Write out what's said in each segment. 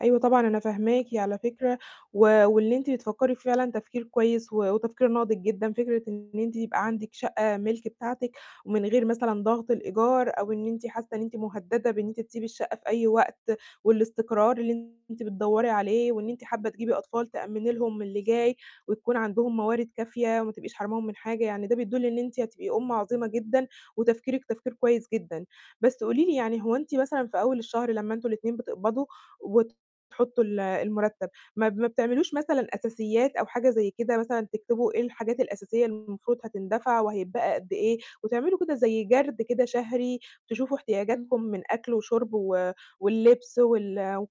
أيوه، طبعًا أنا فاهماكِ على فكرة، و واللي أنتِ بتفكّري في فعلًا تفكير كويس و وتفكير ناضِج جدًا. فكرة إن أنتِ يبقى عندِك شقّة مِلك بتاعتِك ومن غير مثلًا ضغط الإيجار أو إن أنتِ حاسّة إن أنتِ مهدّدة بإن أنتِ تسيبي الشقّة في أي وقت والإستقرار اللي أنتِ بتدوّري عليه وإن أنتِ حابّة تجيبي أطفال تأمّني لهم اللي جاي وتكون عندهم موارد كافية وما تبقيش حرماهم من حاجة، يعني ده بيدل إن أنتِ هتبقي أُم عظيمة جدًا وتفكيرك تفكير كويس جدًا. بس قولي لي يعني هو مثلًا في أول الشهر لمّا أنتم الإتنين بتقبضوا وتحطّوا ال المرتّب ما ب ما بتعملوش مثلًا أساسيات أو حاجة زي كده مثلًا تكتبوا إيه الحاجات الأساسية اللي المفروض هتندفع وهتبقى قد إيه، وتعملوا كده زي جَرد كده شهري تشوفوا إمم. احتياجاتكم من أكل وشرب و واللبس وال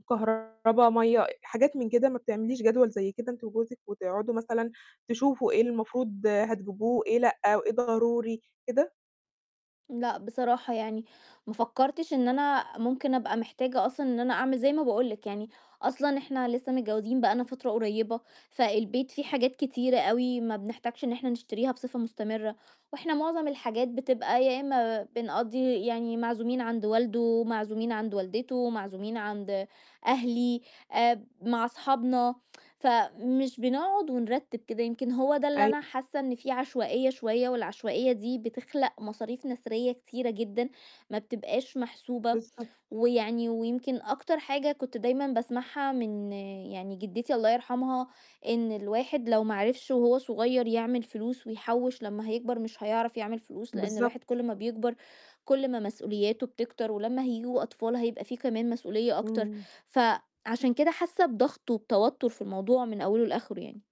وكهربا، مَيّة آآ، حاجات من كده ما بتعمليش جدول زي كده أنتِ وجوزِك وتقعُدوا مثلًا تشوفوا إيه المفروض هتجيبوه إيه لأ، وإيه ضروري كده؟ لأ، بصراحة يعني، ما فكّرتش إن أنا ممكن أبقى محتاجة أصلًا إن أنا أعمل زي ما باقول لِك يعني أصلًا إحنا لسه متجوّزين بقى لنا فترة قريّبة، فالبيت في حاجات كتيرة أوي ما بنحتاجش إن إحنا نشتريها بصفة مستمرة، وإحنا مُعظم الحاجات بتبقى يا إمّا ب بنقضّي يعني معزومين عند والده، معزومين عند والدته، معزومين عند أهلي، آآ، ب مع أصحابنا فمش بنقعُد ونرتّب كده يمكن هو ده اللي أيوه. أنا حاسّة إن في عشوائية شوية، والعشوائية دي بتخلَق مصاريف نسريّة كتيرة جدًا ما بتبقاش محسوبة، بالضبط. ويعني ويمكن أكتر حاجة كنت دايمًا باسمعها من يعني جدتي الله يرحمها، إن الواحد لو ما عرفش وهو صغيّر يعمل فلوس ويحوّش لمّا هيكبر مش هيعرف يعمل فلوس، لإن الواحد بالضبط. كل ما بيكبر كل ما مسؤولياته بتكتر، ولمّا هييجوا أطفال هيبقى في كمان مسؤولية أكتر، إمم. فعشان كده حاسّة بضغط وبتوتر في الموضوع من أوله لآخِره يعني.